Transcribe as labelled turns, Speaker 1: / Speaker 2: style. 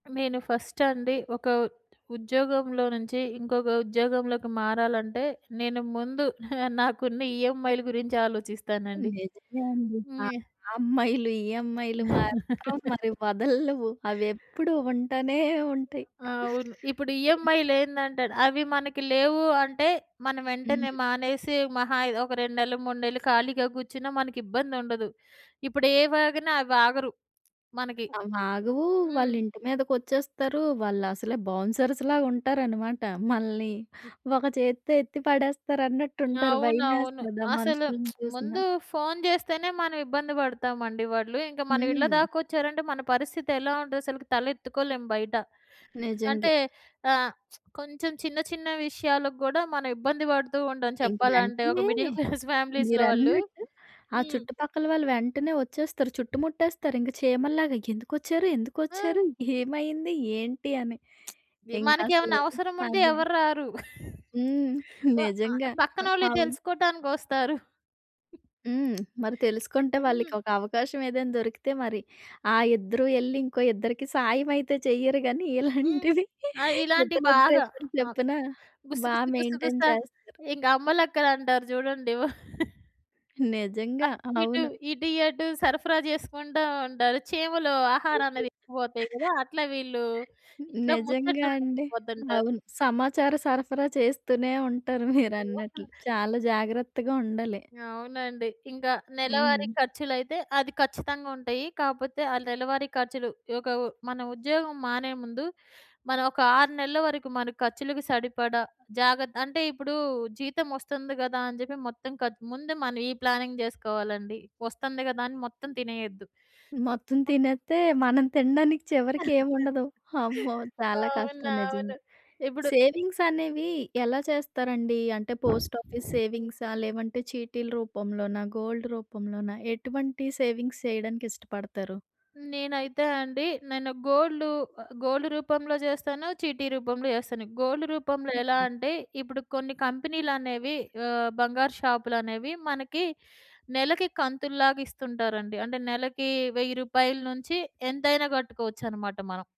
Speaker 1: మేను first అండి ఒక ఉద్యోగంలో నుంచి ఇంకొక ఉద్యోగంలోకి మారాలంటే నేను ముందు నాకున్న ఈఎంఐల గురించాలోచిస్తానండి.
Speaker 2: నిజమే అండి. ఆహ్,
Speaker 1: హ్మ్.
Speaker 2: అమ్మాయిలు, ఈ ఈఎంఐలు మాత్రం మరి వదలవు. అవెప్పుడు ఉంటానే ఉంటాయి.
Speaker 1: ఆ! అవును. ఇప్పుడు
Speaker 2: హ్మ్.
Speaker 1: ఈఎంఐలేందంటేనా అవి మనకి లేవు అంటే, మనం వెంటనే
Speaker 2: హ్మ్.
Speaker 1: మానేసి మహా అయ్ ఒక 2 నెళ్ళు, 3 నెళ్ళు ఖాళీగా కూర్చున్నా మనకిబ్బందుండదు. ఇప్పుడు ఏవాగినా అవాగరు మనకి.
Speaker 2: అవ్వాగవు.
Speaker 1: హ్మ్.
Speaker 2: వాళ్ళింటి మీదకొచ్చేస్తారు. వాళ్ళసలే బౌన్సర్స్‌లాగా ఉంటారన్నమాట. మనల్ని
Speaker 1: హ్మ్.
Speaker 2: ఒక చేత్తో ఎత్తి పడేస్తారన్నట్టుంటారు.
Speaker 1: అవునవును.
Speaker 2: భయమేస్తది ఆ
Speaker 1: అసలు
Speaker 2: మనుషుల్ని
Speaker 1: ముందు
Speaker 2: చూసినా.
Speaker 1: ఫోన్ జెస్తేనే మనం ఇబ్బంది బడతామండి వాళ్ళు. ఇంక మన ఇళ్ళ
Speaker 2: హ్మ్.
Speaker 1: దాకొచ్చారంటే మన పరిస్థితెలా ఉంటదసలకి? తలెత్తుకోలేము బయట.
Speaker 2: నిజంగే.
Speaker 1: అంటే ఆహ్, కొంచెం చిన్న, చిన్న విషయాలగూడా మనం ఇబ్బంది పడుతూ ఉంటాం
Speaker 2: ఇంక
Speaker 1: చెప్పాలంటే ఒక
Speaker 2: వెంటనే
Speaker 1: మిడిల్ క్లాస్ ఫ్యామిలీస్‌లో వాళ్ళు.
Speaker 2: మీరన్నట్టు ఆ
Speaker 1: హ్మ్.
Speaker 2: చుట్టుపక్కల వాళ్ళు వెంటనే ఒచ్చేస్తారు. చుట్టుముట్టేస్తారింక చీమల్లాగా. ఎందుకొచ్చారు?
Speaker 1: హ్మ్.
Speaker 2: ఎందుకొచ్చారు? ఏమైంది? ఏంటి? అని.
Speaker 1: వి మనకెమన్నా
Speaker 2: ఇంకసలు
Speaker 1: అవసరం ఉంటే
Speaker 2: అదే.
Speaker 1: ఎవర్రారు.
Speaker 2: హ్మ్.
Speaker 1: వ ఆహ్,
Speaker 2: నిజంగా.
Speaker 1: పక్కనోళ్ళయి
Speaker 2: అవును.
Speaker 1: తెలుసుకోవటానికొస్తారు.
Speaker 2: హ్మ్. మరి తెలుసుకుంటే
Speaker 1: హ్మ్.
Speaker 2: వాళ్ళకి ఒక అవకాశం ఏదైనా దొరికితే మరి ఆ ఇద్దరు ఎళ్లి ఇంకో ఇద్దరికి సాయమైతే చెయ్యరు గాని,
Speaker 1: హ్మ్.
Speaker 2: ఇలాంటివి
Speaker 1: ఆ! ఇలాంటియి బాగా.
Speaker 2: ఇద్దరిద్దరిద్దరు
Speaker 1: ఆ!
Speaker 2: చొప్పున
Speaker 1: గుస
Speaker 2: బా
Speaker 1: గుస గుసగుస
Speaker 2: మెయింటైన్ చేస్తరు.
Speaker 1: ఇంగ అమ్మలక్కలంటారు చూడండి.
Speaker 2: నిజంగా.
Speaker 1: అటుయిటు,
Speaker 2: అవును.
Speaker 1: ఇటుయటు సరఫరా జెసుకుంటా ఉంటారు. చీమలు ఆహారం అనేది ఎత్తుకబోతాయి గదా! అట్లా వీళ్ళు ఇంట్లో
Speaker 2: నిజంగా
Speaker 1: ముచ్చట్లు
Speaker 2: అండి.
Speaker 1: ఎత్తుకుపోతుంటారు.
Speaker 2: అవును. సమాచార సరఫరా చేస్తూనే ఉంటారు
Speaker 1: ఓహ్!
Speaker 2: మీరన్నట్లు. చాలా జాగ్రత్తగా ఉండాలి.
Speaker 1: అవునండి. ఇంక నెలవారీ
Speaker 2: హ్మ్.
Speaker 1: ఖర్చులైతే అది ఖచ్చితంగుంటాయి. కాపోతే ఆ నెలవారీ ఖర్చులు ఒక ఉ మన ఉద్యోగం మానే ముందు మనం ఒక 6 నెళ్ళ వరకు మన ఖర్చులకి సరిపడ జాగ్రత్త అంటే, ఇప్పుడు జీతమొస్తుంది గదా అని జెప్పి మొత్తం ఖర్చు ముందు మనం ఈ ప్లానింగ్ జెసుకోవాలండి. ఒస్తుంది గదా! అని మొత్తం తినేయొద్దు.
Speaker 2: మొత్తం తినేత్తే మనం తినడానికి చివరికి ఏం ఉండదు. అమ్మో! చాలా కష్టం
Speaker 1: అవునవును.
Speaker 2: నిజంగా.
Speaker 1: ఇప్పుడు
Speaker 2: సేవింగ్స్ అనేవి ఎలా చేస్తారండి? అంటే పోస్ట్ ఆఫీస్ సేవింగ్సా? లేదంటే చీటీల రూపంలోనా? గోల్డ్ రూపంలోన? ఎటువంటి సేవింగ్స్ చేయడానికి ఇష్టపడతారు?
Speaker 1: నేనైతే అండి నేను గోల్డు. ఆహ్, గోల్డ్ రూపంలో జెస్తాను. చీటీ రూపంలో చేస్తాను. గోల్డ్ రూపంలో ఎలా
Speaker 2: హ్మ్.
Speaker 1: అంటే ఇప్పుడు కొన్ని కంపెనీలనేవి ఆహ్, బంగారు షాపులనేవి మనకి నెలకి కంతుల్లాగా ఇస్తుంటారండి. అంటే నెలకి రూ. 1000 రూపాయల నుంచి ఎంతైనా గట్టుకోవచ్చనమాట మనం.